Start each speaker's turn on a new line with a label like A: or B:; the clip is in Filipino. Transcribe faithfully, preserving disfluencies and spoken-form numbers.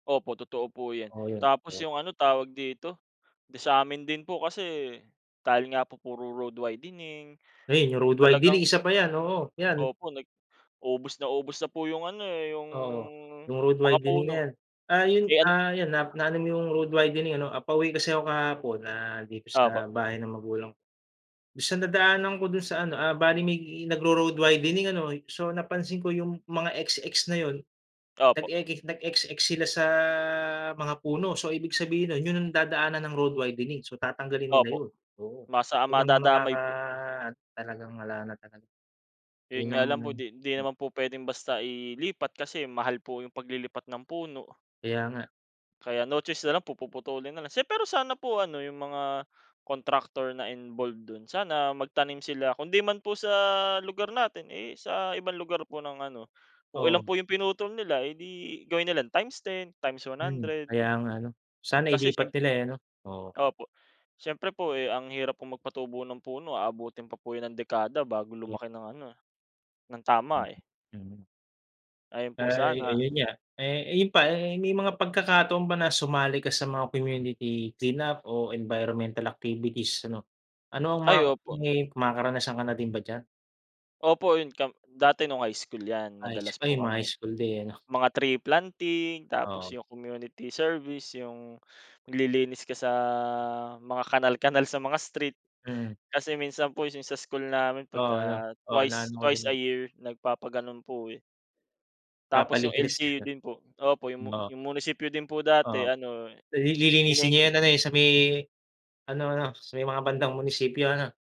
A: 0po, totoo po yan.
B: Oo yun.
A: Tapos yung ano, tawag dito? Sa'min din po kasi, dahil nga po puro road widening
B: Ayan yung road
A: talagang
B: widening, isa pa yan, oo yan.
A: Opo, nag ubos na ubos na po yung ano eh, yung
B: Oo, yung road
A: mga
B: widening na
A: puno.
B: yan, ah, yun
A: Eh an
B: ,ah, yan na, na-ano mo yung road widening ano? Pauwi kasi ako kahapon, ah, dito
A: Opo.
B: sa bahay ng magulang ko, minsan nadaanan ko do'n sa ano, ah, bale may nag-ro-road widening ano so napansin ko yung mga XX na 'yon,
A: Opo.
B: nag-eki nag-XX sila sa mga puno, so ibig sabihin nun 'yon ang dadaanan ng road widening so tatanggalin nila
A: Opo.
B: 'yon, oo.
A: Masa
B: Yun ang mga
A: madadamay po.
B: ano talagang wala na talaga. 'Yon
A: Yun nga
B: lang
A: lang
B: naman.
A: po 'di 'di
B: Mm.
A: naman po puwedeng basta ilipat kasi mahal po yung paglilipat ng puno.
B: Kaya nga.
A: Kaya no choice na lang po, puputulin na lang. Pero sana po ano, yung mga contractor na involve do'n, sana magtanim sila. Kundi man po sa lugar natin, eh sa ibang lugar po ng ano kung ilan
B: Oo.
A: po yung pinutol nila, edi gawin nila times ten, times one
B: Hmm,
A: hundred.
B: kaya nga ano.
A: Eh
B: Sana
A: kasi
B: ilipat
A: siyemp
B: nila eh, 'no? Oo.
A: Opo. Siyempre po eh, ang hirap pong magpatubo ng puno, aabutin pa po yan ng dekada bago
B: Kaya
A: lumaki ng ano, ng
B: Mm.
A: tama eh.
B: Mm.
A: Ayun po
B: Ay
A: sana.
B: ayun nga, eh yun pa, eh, may mga pagkakataon ba na sumali ka sa mga community clean-up o environmental activities ano. Ano ang
A: Ay,
B: mga
A: opo.
B: may mga makaranasan ka na din ba diyan?
A: Opo, 'yon camp dati no'ng high school 'yan,
B: High
A: madalas
B: school,
A: po
B: mga High
A: kami.
B: school day, ano.
A: Mga tree planting tapos
B: Oo.
A: yung community service, yung maglilinis ka sa, mga kanal kanal sa mga street.
B: Mm.
A: Kasi minsan po yung sa school namin
B: Oo 'no,
A: pagka
B: oo
A: twice,
B: na-ano ko
A: twice a
B: din eh.
A: year, nagpapagano'n po eh. Tapos yung
B: Papalinis ka.
A: LGU din po. Opo,
B: Mm,
A: yung mu
B: o.
A: 'yong munisipyo din po dati
B: Oo,
A: ano,
B: lilinisin niya yan
A: [unintelligible]
B: ano eh, sa may, ano ano sa may bandang munisipyo, ano?